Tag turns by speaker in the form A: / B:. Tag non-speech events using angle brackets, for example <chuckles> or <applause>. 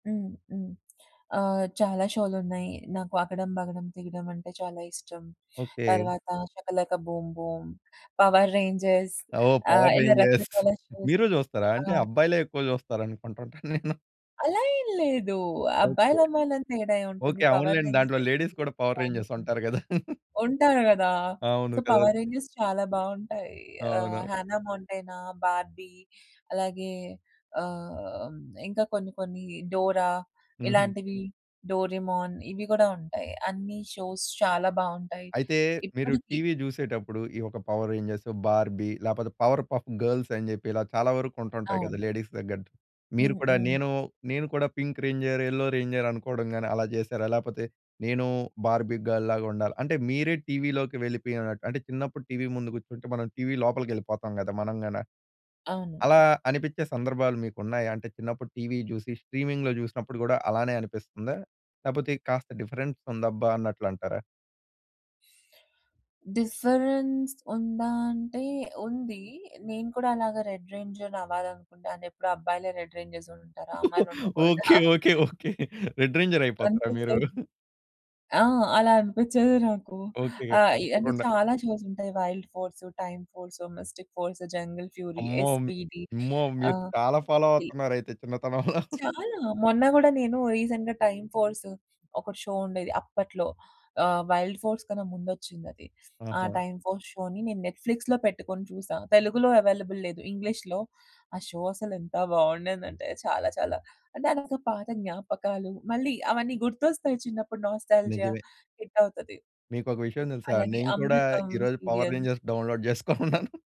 A: హ్మ్. హ్మ్. ఆహ్, చాలా షోలున్నాయి. నాకు అకడం బగడం తిగిడం అంటే చాలా ఇష్టం.
B: ఓకే.
A: తర్వాత shaka laka boom boom, power rangers
B: ఓహ్!
A: ఆహ్,
B: పవర్
A: ఇలా
B: రేంజర్స్
A: రకరకాల షోస్
B: మీరు జూస్తారా? అంటే
A: ఆ!
B: అబ్బాయిలే ఎక్కువ జూస్తారు అనుకుంటుంటా నేను.
A: అలా ఏం లేదు.
B: ఓకే.
A: అబ్బాయిలు, అమ్మాయిలని తేడా ఏం ఉంటుంది?
B: ఓకే.
A: పవర్
B: అవునులెండి. దాంట్లో
A: రేంజర్స్,
B: లేడీస్ కూడా పవర్
A: డైనో
B: రేంజర్స్
A: థండర్
B: ఉంటారు గదా! <laughs>
A: ఉంటారు గదా! సో,
B: అవును కదా!
A: 'పవర్ రేంజర్స్' చాలా బావుంటాయి. ఆహ్,
B: అవునవును.
A: 'హన్నా మోంటానా,' 'బార్బీ' అలాగే ఆహ్, ఇంకా కొన్ని కొన్ని 'డోరా'
B: హుహు.
A: ఇలాంటివి, 'డోరేమోన్' ఇవి గూడా ఉంటాయి. అన్ని షోస్ చాలా బావుంటాయి.
B: అయితే మీరు
A: ఇప్పడికి
B: టీవీ జూసేటప్పుడు ఈ ఒక పవర్ రేంజర్స్, బార్బీ లేపోతే పవర్ పఫ్ గర్ల్స్ ని జెప్పి ఇలా చాలా వరకు ఉంటుంటాయి గదా!
A: అవును.
B: లేడీస్ దగ్గర. మీరు
A: హ్మ్.
B: కూడా
A: హ్మ్.
B: నేను నేను కూడా పింక్ రేంజర్, యెల్లో రేంజర్ అనుకోవడం గాని అలా జెశారా? లేపోతే నేను బార్బీ గర్ల్ లాగా ఉండాలి అంటే మీరే టీవీ లోకి వెళ్ళిపోయినట్టు అంటే చిన్నప్పుడు టీవీ ముందు గూర్చుంటే మనం టీవీ లోపలికెళ్ళిపోతాం గదా! మనం గాన.
A: అవును.
B: అలా అనిపించే సందర్భాలు మీకున్నాయా? అంటే చిన్నప్పుడు టీవీ జూసి స్ట్రీమింగ్‌లో జుసినప్పుడు గూడా అలానే అనిపిస్తుందా? లేపోతే కాస్త డిఫరెన్స్ ఉందబ్బా అన్నట్లంటారా?
A: డిఫరెన్స్ ఉందా అంటే ఉంది. నేను కూడా అలాగ రెడ్ రేంజర్ అవ్వాలనుకుంటాను. ఎప్పుడు అబ్బాయిలే రెడ్ రేంజర్స్ ఉంటారా? అమ్మాయిలు ఉండకూడదా!
B: Okay.
A: <chuckles>
B: Okay. Okay. Red ranger అయిపోతారా మీరు?
A: అనిపిచ్చేది. ఆ! అలా అనిపించేది నాకు.
B: ఓకేగా.
A: ఆహ్, ఇ అంటే
B: తప్పకుండా.
A: చాలా షోస్ ఉంటాయి. Wild force, time force, mystic force, jungle fury,
B: అమ్మో! ఆmmo
A: ఎస్పీడీ
B: అమ్మో! మీరు
A: ఆహ్,
B: చాలా ఫాలో
A: ఇల్
B: అవుతున్నారయితే చిన్నతనంలో. <laughs>
A: చాలా మొన్న గూడా నేను రీసెంట్‌గా టైమ్ ఫోర్స్ ఒకటి షో ఉండేది అప్పట్లో. ఆహ్, వైల్డ్ ఫోర్స్ కన్నా ముందొచ్చిందది. ఆ
B: ఆహా!
A: టైమ్ ఫోర్స్ షోని నేను నెట్‌ఫ్లిక్స్‌లో పెట్టుకొని చూసా. తెలుగులో అవైలబుల్ లేదు. ఇంగ్లీష్‌లో ఆ షో అసలు ఎంత బావుండేదంటే చాలా చాలా. అంటే అంత పాత జ్ఞాపకాలు మళ్ళీ అవన్నీ గుర్తొస్తాయి. చిన్నప్పుడు నాస్టాల్జియా
B: నిజమే.
A: హిట్ అవుతది.
B: మీకోక విషయం దెలుసా?
A: అలాగే
B: నేను కూడా
A: అమృతం
B: ఈరోజు పవర్
A: సీరియల్.
B: Rangers download జేసుకొనున్నాను.